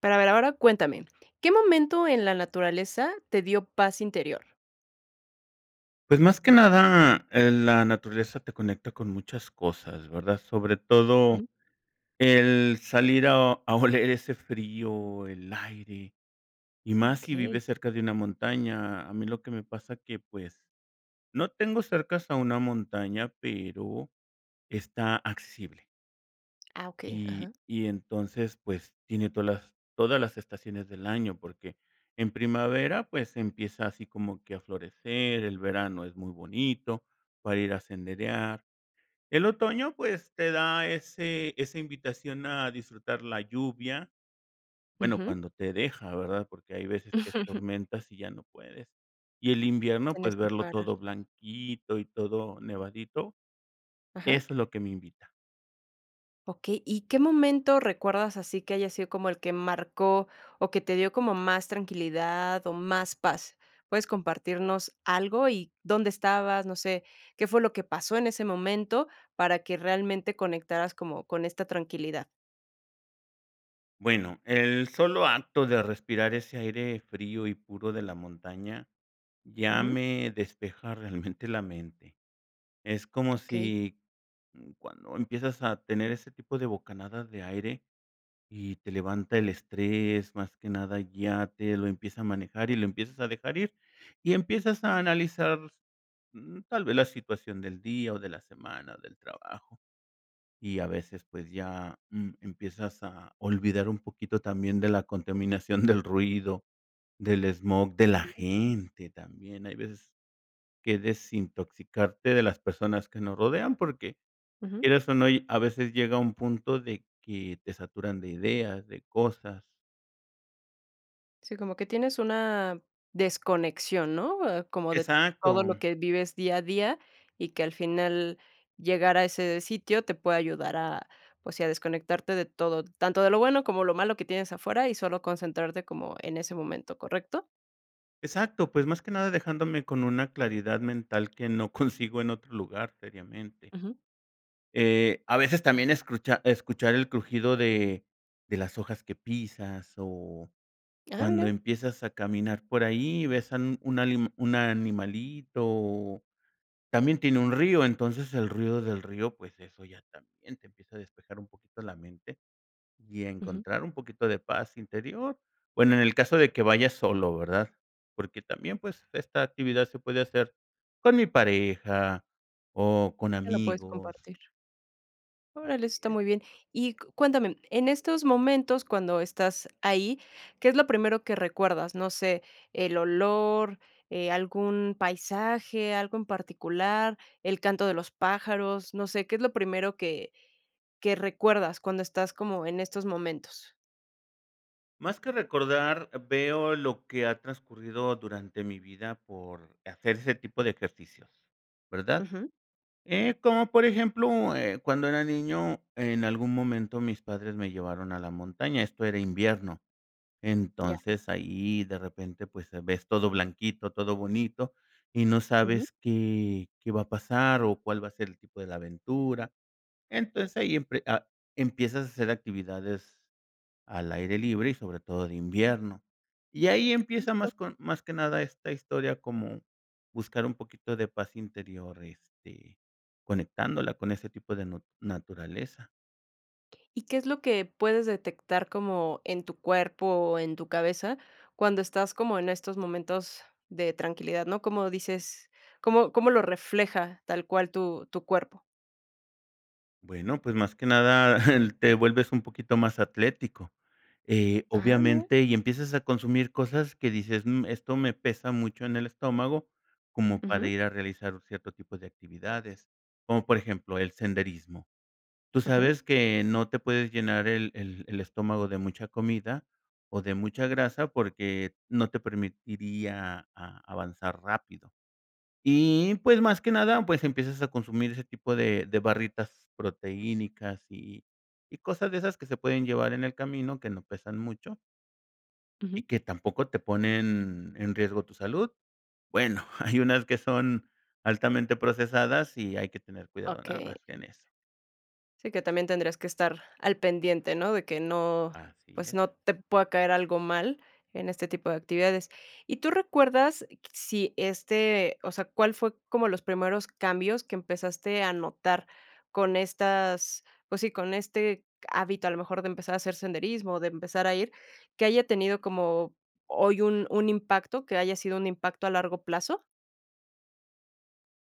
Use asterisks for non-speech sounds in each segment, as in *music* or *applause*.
Pero a ver, ahora cuéntame, ¿qué momento en la naturaleza te dio paz interior? Pues más que nada, eh, la naturaleza te conecta con muchas cosas, ¿verdad? Sobre todo Ujú. el salir a a oler ese frío, el aire, y más si Okey. vives cerca de una montaña. A mí lo que me pasa que, pues, no tengo cercas a una montaña, pero está accesible. Ah, okey, Y ajá. y entonces, pues, tiene todas las todas las estaciones del año, porque en primavera, pues, empieza así como que a florecer, el verano es muy bonito para ir a senderear. El otoño, pues, te da ese esa invitación a disfrutar la lluvia, bueno, Ujú. cuando te deja, ¿verdad? Porque hay veces que es *laughs* tormentas y ya no puedes. Y el invierno, pues, Tenías que verlo parar. todo blanquito y todo nevadito, Ajá. eso es lo que me invita. Okey, ¿y qué momento recuerdas así que haya sido como el que marcó, o, que te dio como más tranquilidad o más paz? ¿Puedes compartirnos algo? Y, ¿dónde estabas? No sé. ¿Qué fue lo que pasó en ese momento para que realmente conectaras como con esta tranquilidad? Bueno, el solo acto de respirar ese aire frío y puro de la montaña, ya Ujú. me despeja realmente la mente, es como *unintelligible* Okey. si, mm, cuando empiezas a tener ese tipo de bocanadas de aire y te levanta el estrés. Más que nada, ya te lo empieza a manejar y lo empiezas a dejar ir, y empiezas a analizar, mm, tal vez la situación del día, o, de la semana, del trabajo. Y a veces, pues ya, mm, empiezas a olvidar un poquito también de la contaminación del ruido, del smog de la Sí. gente también, hay veces que desintoxicarte de las personas que nos rodean, porque Ujú. quieras, o no, a veces llega un punto de que te saturan de ideas, de cosas. Sí, como que tienes una desconexión, ¿no?, ah, como de todo lo Exacto. que vives día a día, y que al final llegar a ese sitio te puede ayudar a, pues, sí, a desconectarte de todo, tanto de lo bueno como lo malo que tienes afuera, y solo concentrarte como en ese momento, ¿correcto? Exacto, pues, más que nada dejándome con una claridad mental que no consigo en otro lugar seriamente. Ujú. Eh, a veces también escuchar- escuchar el crujido de de las hojas que pisas, o, Ah, cuando mira. empiezas a caminar por ahí, y ves a un una ani un animalito, o, también tiene un río. Entonces el ruido del río, pues, eso ya también te empieza a despejar un poquito la mente, y Ujú. encontrar un poquito de paz interior. Bueno, en el caso de que vayas solo, ¿verdad? Porque también, pues, esta actividad se puede hacer con mi pareja, o, con Que lo puedes amigos. compartir. Órale, eso Asi está es. muy bien. y cuéntame, en estos momentos cuando estás ahí, ¿qué es lo primero que recuerdas? No sé, el olor, eh, algún paisaje, algo en particular, el canto de los pájaros, no sé qué es lo primero que que recuerdas cuando estás como en estos momentos. Más que recordar, veo lo que ha transcurrido durante mi vida por hacer ese tipo de ejercicios, ¿verdad? Ujú. Eh, como, por ejemplo, eh, cuando era niño, en algún momento mis padres me llevaron a la montaña, esto era invierno. Ya. Entonces, ahí de repente, pues, se ves todo blanquito, todo bonito, y no Ujú. sabes qué qué va a pasar, o cuál va a ser el tipo de la aventura. Entonces, ahí empie empiezas a hacer actividades al aire libre y sobre todo de invierno. Y ahí *unintelligible* empieza Justo. más con más que nada esta historia como buscar un poquito de paz interior, este, conectándola con ese tipo de nut naturaleza. ¿Y qué es lo que puedes detectar como en tu cuerpo o en tu cabeza? Cuando estás como en estos momentos de tranquilidad, ¿no?, cómo dices, ¿cómo cómo lo refleja tal cual tu tu cuerpo? Bueno, pues, más que nada, *giggles* eh, te vuelves un poquito más atlético. Eh, Ah mira. obviamente, y empiezas a consumir cosas que dices, mm, esto me pesa mucho en el estómago, como para Ujú. ir a realizar cierto tipo de actividades, como por ejemplo, el senderismo. Tú Ujú. sabes que no te puedes llenar el el el estómago de mucha comida, o, de mucha grasa porque no te permitiría a avanzar rápido. Y, pues, más que nada, pues, empiezas a consumir ese tipo de de barritas proteínicas, y y cosas de esas que se pueden llevar en el camino, que no pesan mucho. y Ujú. que tampoco te *unintelligible* ponen en riesgo tu salud, bueno, *giggles* hay unas que son altamente procesadas, y hay que tener cuidado nada Okey. más en eso. Sí, que también tendrías que estar al pendiente, ¿no?, de que no, Así pues, es. no te pueda caer algo mal en este tipo de actividades. ¿Y tú recuerdas q si este, o sea, cuál fue como los primeros cambios que empezaste a notar con estas pues sí, con este hábito, a lo mejor de empezar a hacer senderismo, de empezar a ir, que haya tenido como hoy un un impacto, que haya sido un impacto a largo plazo?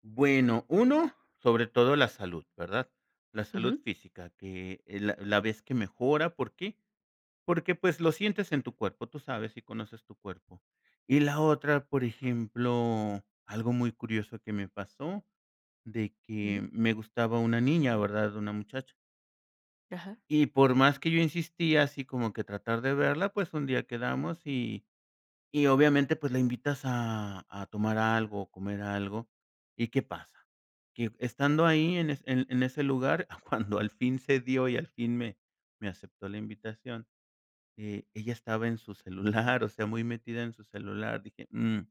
Bueno, uno, sobre todo la salud, ¿verdad? La salud Ujú. física, que es la la vez que mejora, ¿por qué? Porque, pues, lo sientes en tu cuerpo, tú sabes y conoces tu cuerpo. Y la otra, por ejemplo, algo muy curioso que me pasó, de Ujú. que me gustaba una niña, ¿verdad? Una muchacha Ajá. y por más que yo insistía, así como que tratar de verla, pues, un día quedamos, y y obviamente, pues, la invitas a a tomar algo, o comer algo y, ¿qué pasa? Que estando ahí, en en en ese lugar, cuando al fin se dio y al fin me me aceptó la invitación. Eh, ella estaba en su celular, o sea, muy metida en su celular, dije: "Mm,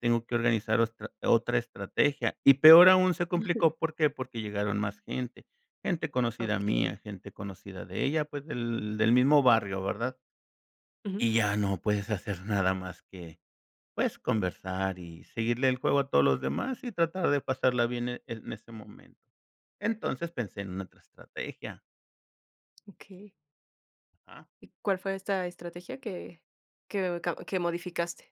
tengo que organizar otra otra estrategia", y peor aún se Ujú. complicó, ¿por qué? Porque llegaron más gente. Gente conocida mía, Okey. gente conocida de ella, pues, del del mismo barrio, ¿verdad? Ujú. Y ya no puedes hacer nada más que, pues, conversar y seguirle el juego a todos los demás, y tratar de pasarla bien en en ese momento. Entonces pensé en otra estrategia. Okey. Ajá. ¿Y cuál fue esta estrategia que que o que modificaste?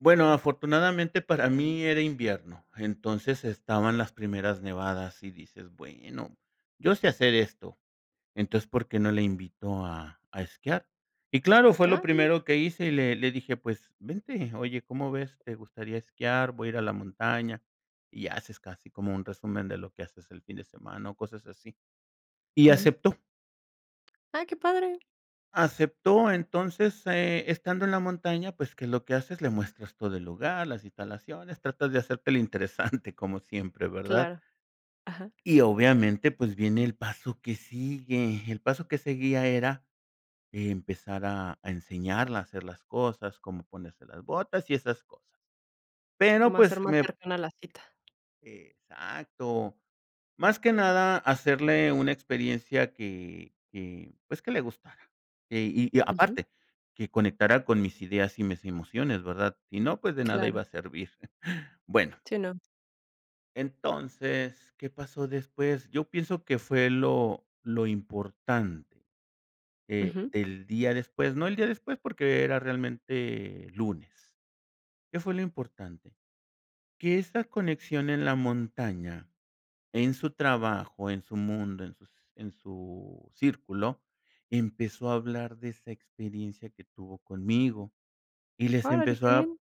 Bueno, afortunadamente para mí era invierno, entonces estaban las primeras nevadas, y dices: "Bueno, yo sé hacer esto. Entonces, ¿por qué no la invito a a esquiar?" Y claro, fue lo Ah, bien. primero que hice, y le le dije: "Pues, vente, oye, ¿cómo ves? ¿Te gustaría esquiar?, voy a ir a la montaña". Y haces casi como un resumen de lo que haces el fin de semana o cosas así. Y Ujú. aceptó. Ah, qué padre. Aceptó, entonces, eh, estando en la montaña, pues, ¿qué es lo que haces?, le muestras todo el lugar, las instalaciones, tratas de hacerte el interesante como siempre, ¿verdad? Claro. ajá. Y obviamente, pues, viene el paso que sigue. El paso que seguía era empezar a a enseñarle a hacer las cosas, cómo ponerse las botas y esas cosas. Sí, Pero, como hacer pues más me cercana la cita. Exacto, más que nada hacerle una experiencia que que, pues, que le gustara, y y Ujú. aparte que conectara con mis ideas y mis emociones ¿verdad? Si no, pues, de nada iba Claro. a servir. Bueno Sí, no. Entonces, ¿qué pasó después? Yo pienso que fue lo lo importante, eh, Ujú. del día después, no el día después, porque era realmente lunes. ¿Qué fue lo importante? Que esa conexión en la montaña, en su trabajo, en su mundo, en sus en su círculo, empezó a hablar de esa experiencia que tuvo conmigo, y les Órale, empezó qué a bien.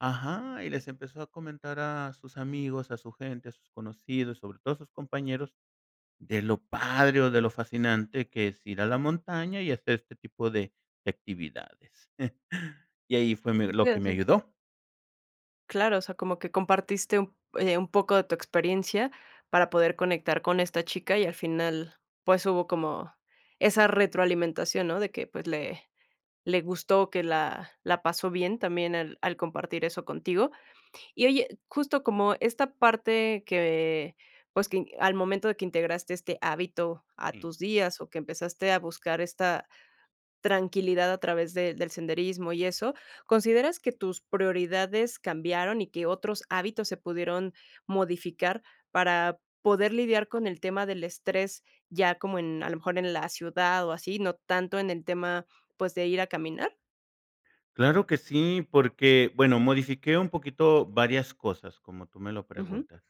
ajá, y les empezó a comentar a sus amigos, a su gente, a sus conocidos, y sobre todo a sus compañeros de lo padre, o, de lo fascinante que es ir a la montaña y hacer este tipo de de actividades. *chuckles* Y ahí fue me lo que me *unintelligible* ayudó. Claro, o sea, como que compartiste un eh, un poco de tu experiencia para poder conectar con esta chica, y al final, pues, hubo como esa retroalimentación, ¿no? De que, pues, le le gustó, que la la pasó bien también al al compartir eso contigo. Y oye, justo como esta parte que, pues, que al momento de que integraste este hábito a Jum. tus días, o que empezaste a buscar esta tranquilidad a través de del senderismo y eso, ¿consideras que tus prioridades cambiaron y que otros hábitos se pudieron modificar para poder lidiar con el tema del estrés, ya como en a lo mejor en la ciudad, o así, no tanto en el tema, pues, de ir a caminar? Claro que sí, porque, bueno, modifiqué un poquito varias cosas, como tú me lo Ujú. preguntas.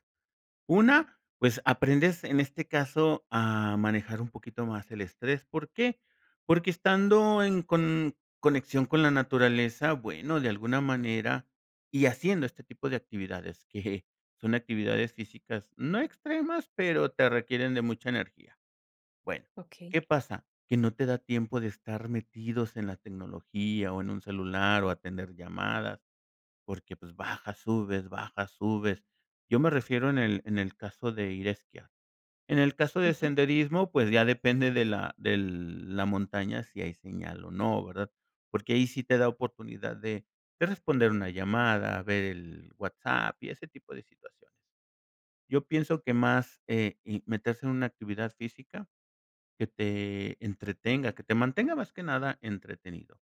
Una, pues, aprendes en este caso a manejar un poquito más el estrés, ¿por qué? Porque estando en con conexión con la naturaleza, bueno, de alguna manera, y haciendo este tipo de actividades que son actividades físicas, no extremas, pero te requieren de mucha energía. Bueno, Okey. ¿qué pasa? Que no te da tiempo de estar metidos en la tecnología, o en un celular, o atender llamadas, porque, pues, baja, subes, baja, subes. Yo me refiero en el en el caso de ir a esquiar. En el caso de Ujú. senderismo, pues, ya depende de la del de la montaña si hay señal o no, ¿verdad? Porque ahí sí te da oportunidad de de responder una llamada, ver el WhatsApp y ese tipo de situaciones. Yo pienso que más, eh, y meterse en una actividad física que te entretenga, que te mantenga más que nada entretenido.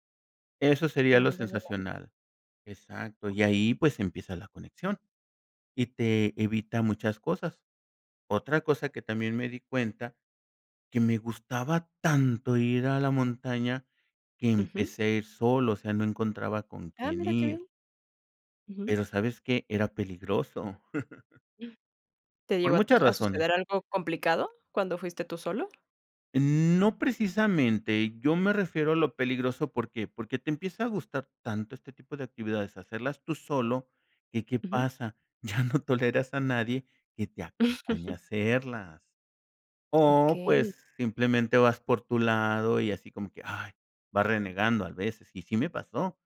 Eso sería Te lo mantenga bien. sensacional. Exacto, Oc y ahí pues empieza la conexión, y te evita muchas cosas. Otra cosa que también me di cuenta que me gustaba tanto ir a la montaña que Ujú. empecé a ir solo, o sea, no encontraba con Ah, quién mira qué ir. bien. Ujú. Pero, ¿sabes qué? Era peligroso. *chuckles* ¿Te Por llegó a muchas tu razones. suceder algo complicado cuando fuiste tú solo? No precisamente yo me refiero a lo peligroso, ¿por qué? Porque te empieza a gustar tanto este tipo de actividades, hacerlas tú solo, que, ¿qué Ujú. pasa? Ya no toleras a nadie que te acompañe a *chuckles* hacerlas. O, Okey. pues, simplemente vas por tu lado y así como que, ay, vas renegando a veces, y sí me pasó.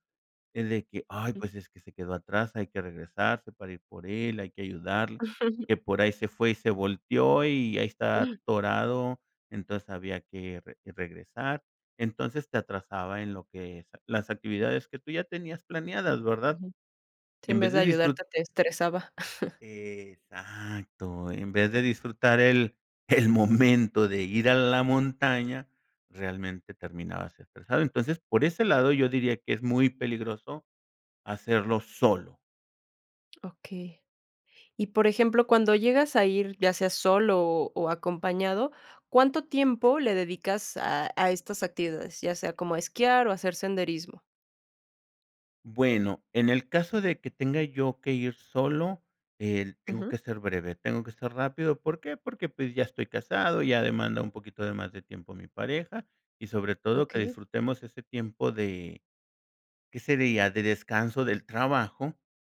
Es de que: "Ay, Ujú. pues es que se quedó atrás, hay que regresarse para ir por él, hay que ayudarle, *chuckles* que por ahí se fue y se volteó, y ahí está atorado". Entonces había que re regresar, entonces te atrasaba en lo que es las actividades que tú ya tenías planeadas, ¿verdad? Ujú. Si Y en en vez vez de de disfru ayudarte te estresaba. *chuckles* Exacto, en vez de disfrutar el el momento de ir a la montaña, realmente terminabas estresado. Entonces, por ese lado, yo diría que es muy peligroso hacerlo solo. Okey. Y, por ejemplo, cuando llegas a ir, ya sea solo, o, acompañado, ¿cuánto tiempo le dedicas a a estas actividades? Ya sea como a esquiar, o, hacer senderismo. Bueno, en el caso de que tenga yo que ir solo, eh, tengo Ujú. que ser breve, tengo que ser rápido, ¿por qué? Porque, pues ya estoy casado, ya demanda un poquito de más de tiempo mi pareja y sobre todo que Okey. disfrutemos ese tiempo de ¿qué sería? De descanso del trabajo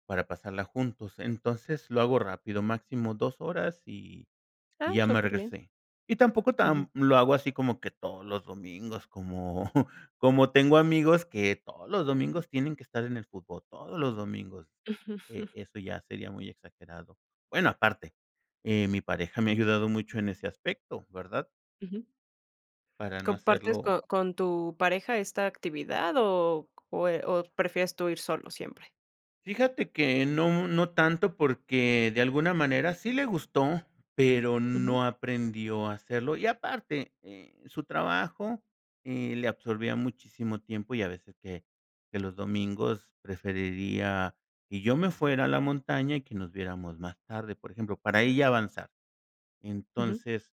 para pasarla juntos. Entonces lo hago rápido, máximo 2 horas y y Ah, ya me súper bien. regresé. Y tampoco Ujú. tamp lo hago así como que todos los domingos, como *chuckles* como tengo amigos que todos los domingos tienen que estar en el fútbol, todos los domingos. Eh, eso *chuckles* ya sería muy exagerado. Bueno, aparte, eh, mi pareja me ha ayudado mucho en ese aspecto, ¿verdad? Ujú. Para no ¿Compartes hacerlo con con tu pareja esta actividad o o eh, o prefieres tú ir solo siempre? Fíjate que no mu no tanto porque de alguna manera sí le gustó, pero Ujú. no aprendió a hacerlo y, aparte, eh, su trabajo, eh, le absorbía muchísimo tiempo y a veces, que que los domingos preferiría que yo me fuera a la montaña y que nos viéramos más tarde, por ejemplo, para ella avanzar. Ujú. Entonces,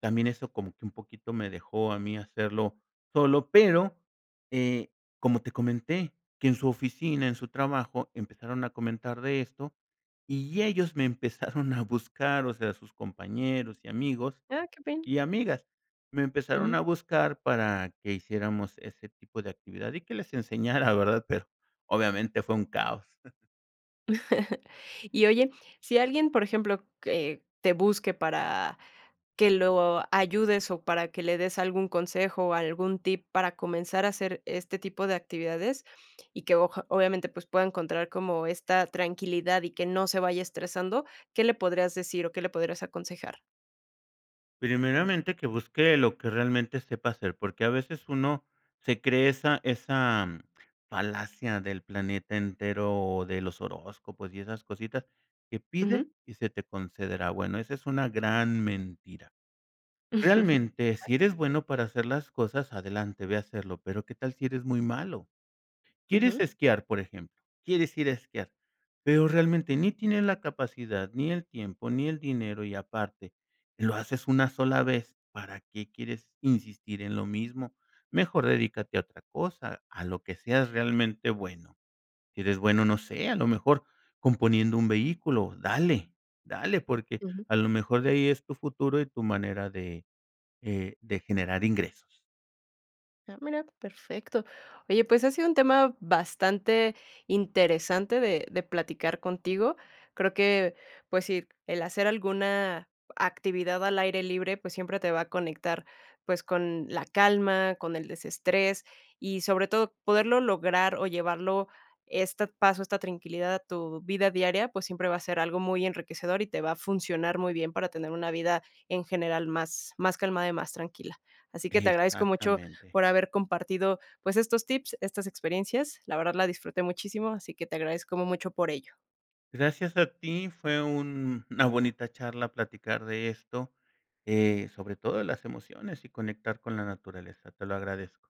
también eso como que un poquito me dejó a mí hacerlo solo, pero, eh, como te comenté, que en su oficina, en su trabajo, empezaron a comentar de esto y ellos me empezaron a buscar, o sea, sus compañeros y amigos Ah, qué bien. y amigas me empezaron Ujú. a buscar para que hiciéramos ese tipo de actividad y que les enseñara, ¿verdad? Pero, obviamente, fue un caos. *chuckles* *chuckles* Y oye, sí alguien, por ejemplo, que te busque para que lo ayudes, o para que le des algún consejo, algún tip para comenzar a hacer este tipo de actividades, y que oja obviamente, pues, pueda encontrar como esta tranquilidad y que no se vaya estresando, ¿qué le podrías decir, o, qué le podrías aconsejar? Primeramente que busque lo que realmente sepa hacer, porque a veces uno se cree esa esa falacia del planeta entero o de los horóscopos y esas cositas que Ujú. pide y se te concederá. Bueno, esa es una gran mentira. Realmente, *chuckles* sí eres bueno para hacer las cosas, adelante, ve a hacerlo pero, ¿qué tal si eres muy malo? Quieres Ujú. esquiar, por ejemplo, quieres ir a esquiar, pero realmente ni tienes la capacidad, ni el tiempo, ni el dinero, y aparte lo haces 1 sola vez, ¿para qué quieres insistir en lo mismo? Mejor dedícate a otra cosa, a lo que seas realmente bueno. Sí eres bueno, no sé, a lo mejor componiendo un vehículo, dale, dale, porque Ujú. a lo mejor de ahí es tu futuro y tu manera de, eh, de generar ingresos. Ah mira, perfecto. Oye, pues ha sido un tema bastante interesante de de platicar contigo. Creo que, pues sí, el hacer alguna actividad al aire libre, pues, siempre te va a conectar, pues, con la calma, con el desestrés, y sobre todo poderlo lograr, o llevarlo este paso, esta tranquilidad a tu vida diaria, pues, siempre va a ser algo muy enriquecedor, y te va a funcionar muy bien para tener una vida en general más más calmada y más tranquila. Así que te agradezco mucho Exactamente. por haber compartido, pues, estos tips, estas experiencias. La verdad la disfruté muchísimo, así que te agradezco mu mucho por ello. Gracias a ti, fue un una bonita charla platicar de esto, eh, sobre todo de las emociones y conectar con la naturaleza. Te lo agradezco.